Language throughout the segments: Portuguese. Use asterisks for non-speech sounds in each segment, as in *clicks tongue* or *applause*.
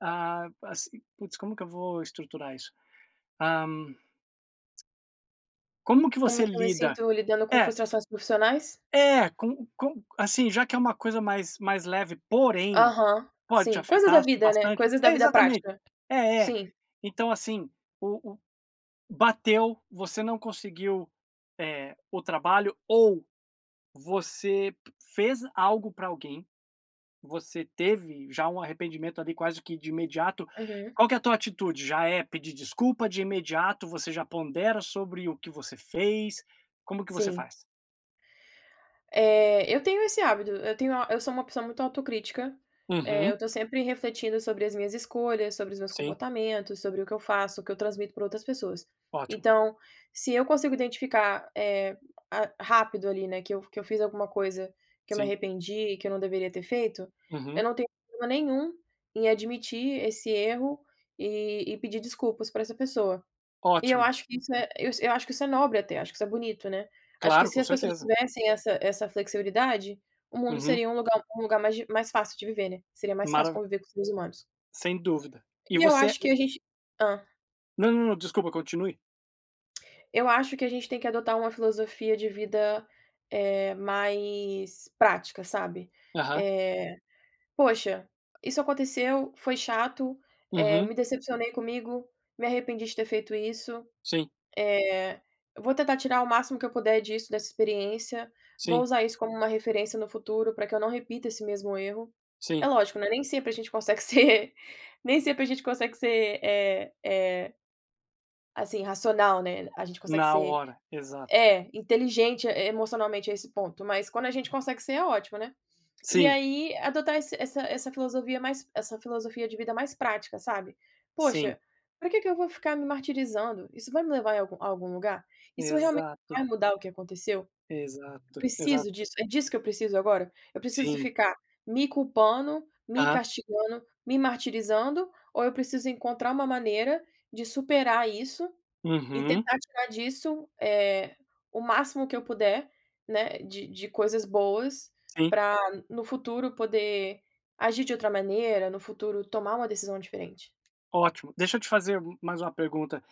Ah, assi putz, como que eu vou estruturar isso? Hã *clicks tongue* como que Como você que eu me lida sinto lidando com é. frustrações profissionais? É, co co assim, já que é um coisa mais mais leve, porém, Aham, pode te sim. Coisas da afetar vida, né, bastante coisas da é, vida exatamente. prática. É é. Sim. Então assim, o o bateu, você não conseguiu, eh, o trabalho, ou você fez algo pra alguém, você teve já um arrependimento, ali, quase que de imediato. Uhum. Qual que é a tua atitude, já é pedir desculpa de imediato, você já pondera sobre o que você fez? Como que você Sim. faz? Eh, eu tenho esse hábito. Eu tenho a eu sou uma pessoa muito autocrítica, eh, Uhum. eu tô sempre refletindo sobre as minhas escolhas, sobre os meus Sim. comportamentos, sobre o que eu faço, o que eu transmito pra outras pessoas. Ótimo. Então, se eu consigo identificar, eh, ah, rápido, ali, né, que eu que eu fiz alguma coisa que eu me Sim. arrependi, e que eu não deveria ter feito, eu Uhum. não tenho problema nenhum em admitir esse erro e e pedir desculpas pra essa pessoa. E eu Ótimo. acho que isso é eu s eu acho que isso é nobre até, acho que isso é bonito, né. Acho que Claro, se com as pessoas certeza. tivessem essa essa flexibilidade, o mundo Uhum. seria um lugar um lugar mais di mais fácil de viver, né. Seria mais fácil Marav conviver com os seres humanos. Sem dúvida. E E eu você acho que *unintelligible* a gente hã. Não, não, não, desculpa, continue. *clicks tongue* Eu acho que a gente tem que adotar uma filosofia de vida, eh, mais prática, sabe. Aham. Eh, "poxa, isso aconteceu, foi chato, eh, Uhum. me decepcionei comigo, me arrependi de ter feito isso, Sim. eh, vou tentar tirar o máximo que eu puder disso, dessa experiência. Vou Sim. usar isso como uma referência no futuro, pra que eu não repita esse mesmo erro". É Sim. lógico, né, nem sempre a gente consegue ser nem sempre a gente consegue ser, eh eh assim, racional, né. A gente consegue Na ser hora, exato. é, inteligente e emocionalmente a esse ponto, mas quando a gente consegue ser, é ótimo, né. E Sim. aí, adotar esse essa essa filosofia mais essa filosofia de vida mais prática, sabe. Sim. "Poxa, pra que que eu vou ficar me martirizando? Isso vai me levar em algum a algum lugar? Isso realmente Exato. vai mudar o que aconteceu? Exato, exato. Preciso disso, é disso que eu preciso agora? Eu preciso Sim. ficar me culpando, me Aham. castigando, me martirizando, ou eu preciso encontrar uma maneira de superar isso, e Uhum. tentar tirar disso, eh, o máximo que eu puder, né, de de coisas boas, Sim. pra no futuro, poder agir de outra maneira, no futuro tomar uma decisão diferente". Ótimo, deixa eu te fazer m mais uma pergunta.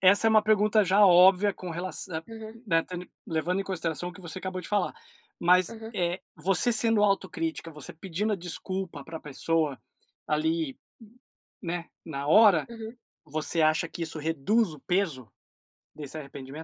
Essa é uma pergunta já óbvia, com relaçã Uhum. eh, ten levando em consideração o que você acabou de falar, mas, Uhum. eh, você sendo autocrítica, você pedindo a desculpa pra pessoa, ali, n né, na hora, Uhum. você acha que isso reduz o peso desse arrependimento?